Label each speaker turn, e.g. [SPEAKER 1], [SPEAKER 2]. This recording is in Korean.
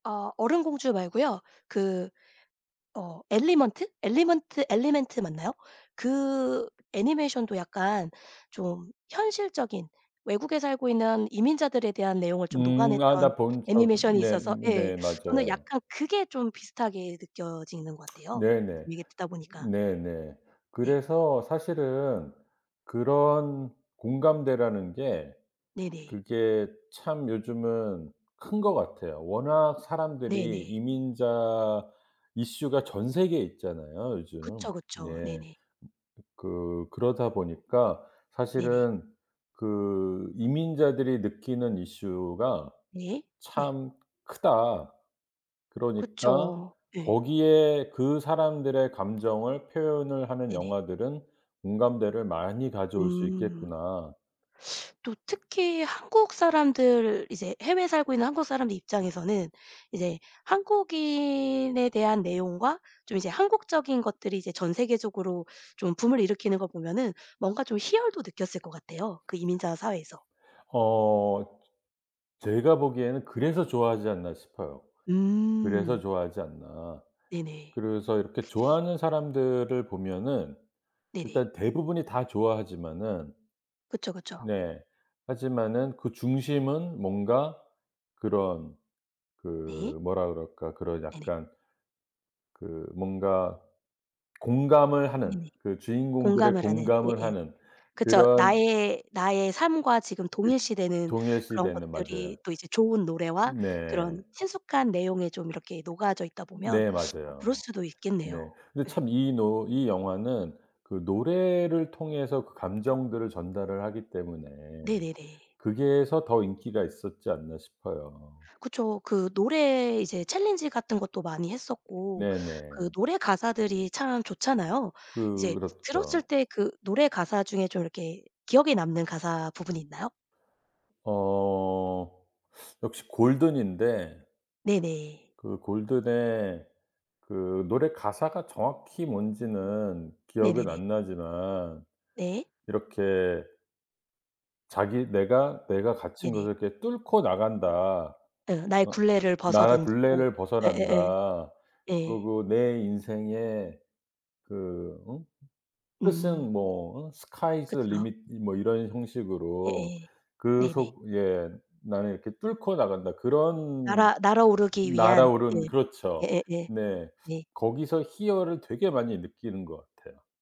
[SPEAKER 1] 아 얼음 공주 말고요. 그 어 엘리먼트? 엘리먼트 엘리멘트 맞나요? 그 애니메이션도 약간 좀 현실적인 외국에 살고 있는 이민자들에 대한 내용을 좀
[SPEAKER 2] 음. 아
[SPEAKER 1] 녹아냈던
[SPEAKER 2] 나 본 적
[SPEAKER 1] 애니메이션이 있어서 예
[SPEAKER 2] 네네.
[SPEAKER 1] 저는
[SPEAKER 2] 맞아요.
[SPEAKER 1] 약간 그게 좀 비슷하게 느껴지는 것 같아요.
[SPEAKER 2] 네네.
[SPEAKER 1] 이게 듣다 보니까.
[SPEAKER 2] 네네.
[SPEAKER 1] 네.
[SPEAKER 2] 그래서 사실은 그런 공감대라는 게
[SPEAKER 1] 네네.
[SPEAKER 2] 그게 참 요즘은 큰 것 같아요. 워낙 사람들이
[SPEAKER 1] 네네.
[SPEAKER 2] 이민자 이슈가 전 세계에 있잖아요 요즘.
[SPEAKER 1] 그쵸, 그쵸.
[SPEAKER 2] 네.
[SPEAKER 1] 네네.
[SPEAKER 2] 그 그러다 보니까
[SPEAKER 1] 네네.
[SPEAKER 2] 사실은 그 이민자들이 느끼는 이슈가
[SPEAKER 1] 네 네.
[SPEAKER 2] 참 크다. 그러니까
[SPEAKER 1] 그쵸. 예.
[SPEAKER 2] 거기에 그 사람들의 감정을 표현을 하는
[SPEAKER 1] 네네.
[SPEAKER 2] 영화들은 공감대를 많이 가져올 수
[SPEAKER 1] 음.
[SPEAKER 2] 있겠구나.
[SPEAKER 1] 또 특히 한국 사람들 이제 해외에 살고 있는 한국 사람들 입장에서는 이제 한국인에 대한 내용과 좀 이제 한국적인 것들이 이제 전세계적으로 좀 붐을 일으키는 걸 보면은 뭔가 좀 희열도 느꼈을 것 같아요 그 이민자 사회에서.
[SPEAKER 2] 어 제가 보기에는 그래서 좋아하지 않나 싶어요. 그래서
[SPEAKER 1] 음.
[SPEAKER 2] 좋아하지 않나.
[SPEAKER 1] 네네.
[SPEAKER 2] 그래서 이렇게 좋아하는 사람들을 보면은
[SPEAKER 1] 네네.
[SPEAKER 2] 일단 대부분이 다 좋아하지만은
[SPEAKER 1] 그쵸, 그쵸.
[SPEAKER 2] 네. 하지만은 그 중심은 뭔가 그런
[SPEAKER 1] 네.
[SPEAKER 2] 그 뭐라 그럴까 그런
[SPEAKER 1] 네네.
[SPEAKER 2] 약간 그 뭔가 공감을 하는
[SPEAKER 1] 네네.
[SPEAKER 2] 그 주인공들의
[SPEAKER 1] 공감을 하는
[SPEAKER 2] 공감을
[SPEAKER 1] 예예.
[SPEAKER 2] 하는
[SPEAKER 1] 그쵸.
[SPEAKER 2] 그런
[SPEAKER 1] 나의 나의 삶과 지금
[SPEAKER 2] 그
[SPEAKER 1] 동일시되는 그런
[SPEAKER 2] 동일시되는 맞아요.
[SPEAKER 1] 것들이 또 이제 좋은 노래와
[SPEAKER 2] 네.
[SPEAKER 1] 그런 친숙한 내용에 좀 이렇게 녹아져 있다 보면
[SPEAKER 2] 네.
[SPEAKER 1] 뭐 그럴
[SPEAKER 2] 맞아요.
[SPEAKER 1] 수도
[SPEAKER 2] 네.
[SPEAKER 1] 있겠네요.
[SPEAKER 2] 근데
[SPEAKER 1] 네.
[SPEAKER 2] 참 이 노 이 영화는 그 노래를 통해서 그 감정들을 전달을 하기 때문에
[SPEAKER 1] 네네네.
[SPEAKER 2] 거기에서 더 인기가 있었지 않나 싶어요.
[SPEAKER 1] 그쵸. 그 노래 이제 챌린지 같은 것도 많이 했었고 그
[SPEAKER 2] 네네.
[SPEAKER 1] 노래 가사들이 참 좋잖아요. 이제 들었을
[SPEAKER 2] 그렇죠.
[SPEAKER 1] 때 그 노래 가사 중에 좀 이렇게 기억에 남는 가사 부분이 있나요?
[SPEAKER 2] 어. 역시 Golden인데
[SPEAKER 1] 네네.
[SPEAKER 2] 그 Golden의 그 노래 가사가 정확히 뭔지는 기억은
[SPEAKER 1] 네네네.
[SPEAKER 2] 안 나지만
[SPEAKER 1] 네.
[SPEAKER 2] 이렇게 자기 내가, 내가 갇힌
[SPEAKER 1] 네네.
[SPEAKER 2] 곳을 이렇게 뚫고 나간다.
[SPEAKER 1] 어 나의
[SPEAKER 2] 어
[SPEAKER 1] 굴레를
[SPEAKER 2] 나의
[SPEAKER 1] 벗어던지고
[SPEAKER 2] 굴레를
[SPEAKER 1] 예예예.
[SPEAKER 2] 벗어난다.
[SPEAKER 1] 예.
[SPEAKER 2] 그리고 내 인생에 그 어
[SPEAKER 1] 음.
[SPEAKER 2] 뜻은 뭐 어 Sky's the
[SPEAKER 1] 그쵸.
[SPEAKER 2] limit 뭐 이런 형식으로
[SPEAKER 1] 예예.
[SPEAKER 2] 그
[SPEAKER 1] 네네.
[SPEAKER 2] 속에 나는 이렇게 뚫고 나간다. 그런
[SPEAKER 1] 날아 날아오르기 위한.
[SPEAKER 2] 날아오른
[SPEAKER 1] 예.
[SPEAKER 2] 그렇죠.
[SPEAKER 1] 예예예.
[SPEAKER 2] 네.
[SPEAKER 1] 예.
[SPEAKER 2] 거기서 희열을 되게 많이 느끼는 것 같아요.